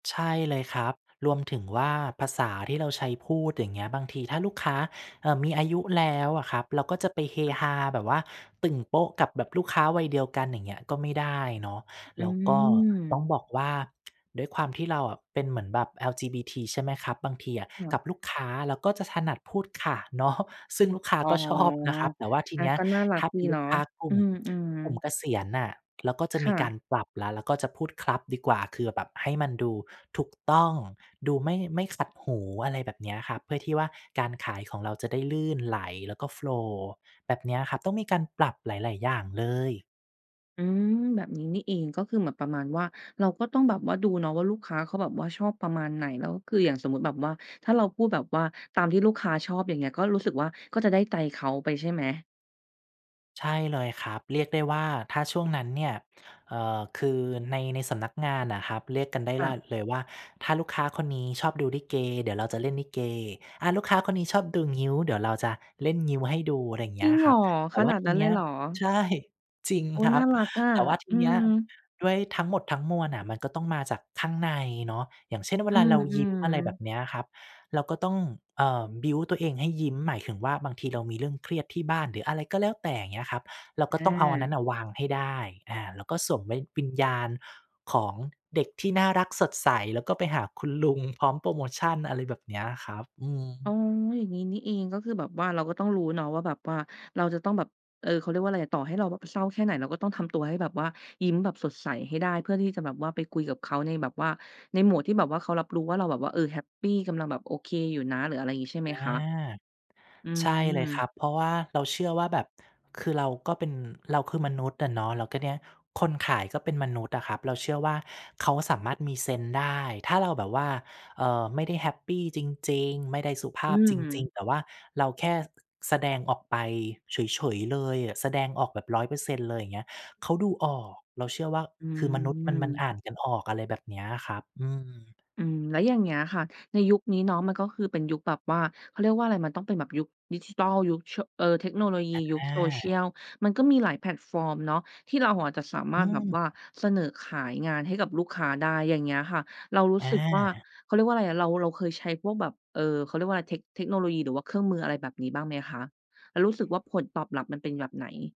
ใช่เลยครับ รวมถึงว่าภาษาที่เราใช้พูด อย่างเงี้ย บางทีถ้าลูกค้า เอ่อ มีอายุแล้วอะครับ เราก็จะไปเฮฮาแบบว่าตึ่งโป๊ะกับแบบลูกค้าวัยเดียวกัน อย่างเงี้ย ก็ไม่ได้เนาะ อืแล้วก็ต้อม งบอกว่า ด้วยความที่เราเป็นเหมือนแบบ LGBT ใช่ไหมครับ บางทีอะเหรกัอ? บลูกค้าเราก็จะถนัดพูดค่ะ เนาะ ซึ่งลูกค้าอ๋อ ก็ ชอบ นะครับ แต่ว่าทีอา นี้ก็น่ารัถก้าเดปี็นลเูนากะ ค้ากลุอื่ม ม กลุ่มๆ เกษียณน่ะ เราก็จะคม่ีกาะ รปรับแล้ว แล้วก็จะพูดครับดีกว่า คือแบบให้มันดูถูกต้อง ดูไม่ ไม่ขัดหู อะไรแบบนี้ครับ เพื่อที่ว่าการขายของเราจะได้ลื่นไหล แล้วก็ โฟลว์ แบบนี้ครับ ต้องมีการปรับหลาย ๆ อย่างเลย อืม แบบ นี้นี่เอง ก็คือเหมือนประมาณว่า เราก็ต้องแบบว่าดูเนาะว่าลูกค้าเขาแบบว่าชอบประมาณไหน แล้วคืออย่างสมมุติแบบว่าถ้าเราพูดแบบว่าตามที่ลูกค้าชอบ อย่างเงี้ย ก็รู้สึกว่าก็จะได้ใจเขาไป ใช่ไหม? ใช่เลยครับ เรียกได้ว่าถ้าช่วงนั้นเนี่ย เอ่อ คือใน ใน สำนักงานน่ะครับ เรียกกันได้ค่ลัะ ่นเลยว่า "ถ้าลูกค้าคนนี้ชอบดูลิเก เดี๋ยวเราจะเล่นลิเก อา ลูกค้าคนนี้ชอบดูงิ้ว เดี๋ยวเราจะเล่นงิ้วให้ดู" อะไรอย่างเจงีร้ิยงเคหรรัอ บ แตข่ว่นาาดทนีั้นนเีล้ ยเหรอ? ใช่ จริงโอ๊คย รนั่บ ารักอะ แต่ว่าทีอืนี้ ม ด้วยทั้งหมด ทั้งมวลน่ะ มันก็ต้องมาจากข้างในเนาะ อย่างเช่นเวอืลาเรายิ้ม อะไรแบอ ๆ บนี้ครับ เราก็ต้อง เอ่อ บิลด์ ตัวเองให้ยิ้ม หมายถึงว่าบางทีเรามีเรื่องเครียดที่บ้าน หรืออะไรก็แล้วแต่ อย่างเงี้ยครับ เราก็อต้องเอาอันนั้นา น่ะวางให้ได้ อา แล้วก็สวมไว้ วิญญาณของเด็กที่น่ารัก สดใส แล้วก็ไปหาคุณลุงพร้อมโพรโมชัน อะไรแบบเนี้ยครับ อือ๋อ ม อย่างงี้นี่เอง ก็คือแบบว่าเราก็ต้องรู้เนาะว่าแบบว่า เราจะต้องแบบ เออ เขาเรียกว่าอะไรอะ ต่อให้เราเศร้าแค่ไหน เราก็ต้องทำตัวให้แบบว่ายิ้มแบบสดใสให้ได้ เพื่อที่จะแบบว่าไปคุยกับเขาในแบบว่า ใน mode ที่แบบว่าเขารับรู้ว่าเราแบบว่า เออ แฮปปี กำลังแบบโอเคอยู่นะ หรืออะไรอย่างงี้ใช่ไหอมา คะ อืใช่เลยครัม บ เพราะว่าเราเชื่อว่าแบบ คือเราก็เป็น เราคือมนุษย์อะเนาะ แล้วก็เนี่ยคนขายก็เป็นมนุษย์อะครับ เราเชื่อว่าเขาสามารถมีเซนส์ได้ ถ้าเราแบบว่า เอ่อ ไม่ได้แฮปปี จริง ๆ ไม่ได้สุภอืาพจริง ม ๆ แต่ว่าเราแค่ แสดงออกไปเฉย ๆ เลย แสดงออกแบบ 100% เลย อย่างเงี้ย เขาดูออก เราเชื่อว่า อคือมนุษย์ มัน มันืม อ่านกันออก อะไรแบบเนี้ยอะครับ อืม อืม แล้วอย่างเงี้ยค่ะ ในยุคนี้เนาะมันก็คือเป็นยุคแบบว่า เขาเรียกว่าอะไร มันต้องเป็นแบบยุคดิจิทัล ยุค ช เอ่อ เทคโนโลยี อยุค า Social มันก็มีหลายแพลตฟอร์มเนาะที่เราอาจจะสามอาืรถแบบว่าม เสนอขายงานให้กับลูกค้าได้ อย่างเงี้ยค่ะ เรารู้สึกว่า อา เขาเรียกว่าอะไรอะ เรา เราเคยใช้พวกแบบ เอ่อ เขาเรียกว่าอะไร เทค เทคโนโลยี หรือว่าเครื่องมืออะไรแบบนี้บ้างไหมคะ แล้วรู้สึกว่าผลตอบรับมันเป็นแบบไหน?